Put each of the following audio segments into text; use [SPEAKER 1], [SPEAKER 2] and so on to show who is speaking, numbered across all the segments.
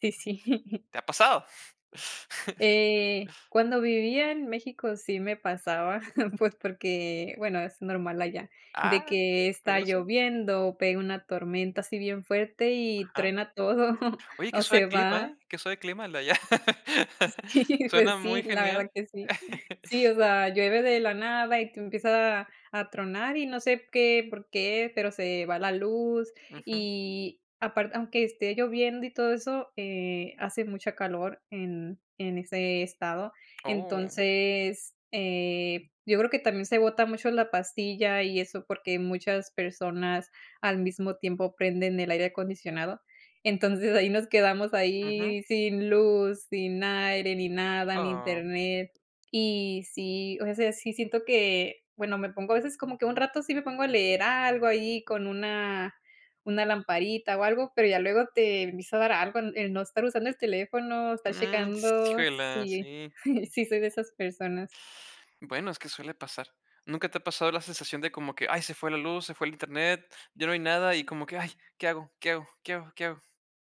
[SPEAKER 1] Sí, sí.
[SPEAKER 2] ¿Te ha pasado?
[SPEAKER 1] Eh, cuando vivía en México, sí me pasaba, pues, porque, bueno, es normal allá, de
[SPEAKER 2] Ah,
[SPEAKER 1] que está
[SPEAKER 2] curioso.
[SPEAKER 1] lloviendo, pega una tormenta así bien fuerte y
[SPEAKER 2] Ajá.
[SPEAKER 1] truena todo,
[SPEAKER 2] Oye, que
[SPEAKER 1] o
[SPEAKER 2] suave
[SPEAKER 1] se
[SPEAKER 2] clima,
[SPEAKER 1] va.
[SPEAKER 2] ¿eh? Que suave clima el de allá.
[SPEAKER 1] Sí, pues
[SPEAKER 2] Suena
[SPEAKER 1] sí,
[SPEAKER 2] muy
[SPEAKER 1] la
[SPEAKER 2] genial.
[SPEAKER 1] verdad que sí. Sí, o sea, llueve de la nada y tú empieza a a tronar y no sé qué, por qué, pero se va la luz
[SPEAKER 2] Ujú.
[SPEAKER 1] y aparte aunque esté lloviendo y todo eso, eh, hace mucha calor en en ese estado.
[SPEAKER 2] Oh.
[SPEAKER 1] Entonces, eh, yo creo que también se bota mucho la pastilla y eso, porque muchas personas al mismo tiempo prenden el aire acondicionado. Entonces, ahí nos quedamos
[SPEAKER 2] Ujú.
[SPEAKER 1] ahí sin luz, sin aire, ni nada, ni
[SPEAKER 2] Ah.
[SPEAKER 1] internet y sí, o sea, sí siento que bueno, me pongo a veces, como que un rato sí me pongo a leer algo ahí con una una lamparita o algo, pero ya luego te empieza a dar algo el no estar usando el teléfono, estar
[SPEAKER 2] Mm,
[SPEAKER 1] checando,
[SPEAKER 2] híjole,
[SPEAKER 1] sí,
[SPEAKER 2] sí.
[SPEAKER 1] sí soy de esas personas.
[SPEAKER 2] Bueno, es que suele pasar. Nunca te ha pasado la sensación de como que: "Ay, se fue la luz, se fue el internet, ya no hay nada". Y como que: "Ay, ¿qué hago? ¿Qué hago? ¿Qué hago? ¿Qué hago?".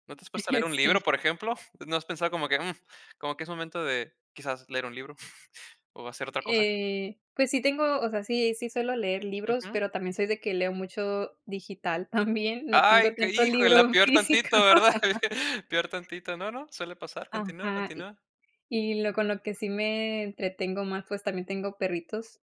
[SPEAKER 2] ¿No te has puesto a leer un libro,
[SPEAKER 1] Sí.
[SPEAKER 2] por ejemplo? ¿No has pensado como que, mm, como que es momento de quizás leer un libro o hacer otra cosa?
[SPEAKER 1] Eh, pues sí tengo, o sea, sí sí suelo leer libros,
[SPEAKER 2] Ujú.
[SPEAKER 1] pero también soy de que leo mucho digital también, no tengo
[SPEAKER 2] Ay, que
[SPEAKER 1] tanto
[SPEAKER 2] híjole,
[SPEAKER 1] libro
[SPEAKER 2] peor
[SPEAKER 1] físico.
[SPEAKER 2] tantito, ¿verdad? Peor tantito. No, no, suele pasar. Continúa,
[SPEAKER 1] Ajá. Y
[SPEAKER 2] continúa.
[SPEAKER 1] y lo con lo que sí me entretengo más, pues, también tengo perritos.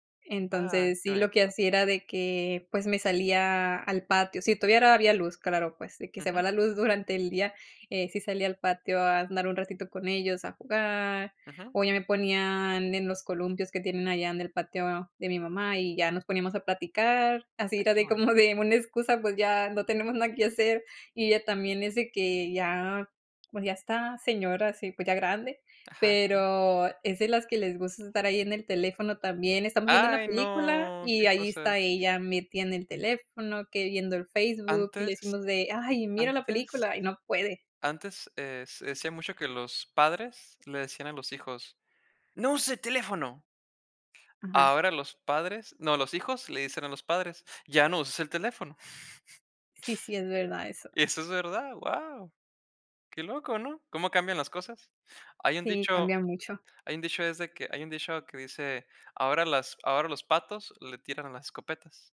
[SPEAKER 2] Ay,
[SPEAKER 1] Entonces,
[SPEAKER 2] que
[SPEAKER 1] sí, lo que
[SPEAKER 2] bonito.
[SPEAKER 1] hacía era de que, pues, me salía al patio si todavía había luz, claro, pues, de que se va
[SPEAKER 2] Ujú.
[SPEAKER 1] la luz durante el día, eh, sí salía al patio a andar un ratito con ellos a jugar,
[SPEAKER 2] Ujú.
[SPEAKER 1] o ya me ponían en los columpios que tienen allá en el patio de mi mamá y ya nos poníamos a platicar. Así era
[SPEAKER 2] Aquí,
[SPEAKER 1] de
[SPEAKER 2] no hay.
[SPEAKER 1] como de una excusa, pues ya no tenemos nada que hacer. Y ella también es de que ya, pues ya está señora, sí, pues, ya grande,
[SPEAKER 2] Ajá. Uh.
[SPEAKER 1] pero es de las que les gusta estar ahí en el teléfono también. Estamos viendo una
[SPEAKER 2] Ay,
[SPEAKER 1] película
[SPEAKER 2] no
[SPEAKER 1] y
[SPEAKER 2] que
[SPEAKER 1] ahí
[SPEAKER 2] cosas.
[SPEAKER 1] está ella metida en el teléfono, que viendo el Facebook y le
[SPEAKER 2] Antes,
[SPEAKER 1] decimos de: "Ay mira la
[SPEAKER 2] antes,
[SPEAKER 1] película" y no puede.
[SPEAKER 2] antes, eh, se decía mucho que los padres le decían a los hijos: "¡No uses el teléfono!".
[SPEAKER 1] Ajá.
[SPEAKER 2] Ahora los padres no, los hijos le dicen a los padres: "!Ya no uses el teléfono!".
[SPEAKER 1] Sí, sí es verdad eso.
[SPEAKER 2] Eso es verdad, guau, qué loco, ¿no? Cómo cambian las cosas. Hay un
[SPEAKER 1] Sí,
[SPEAKER 2] dicho
[SPEAKER 1] cambia mucho.
[SPEAKER 2] hay un dicho es de que hay un dicho que dice ahora las ahora los patos le tiran las escopetas.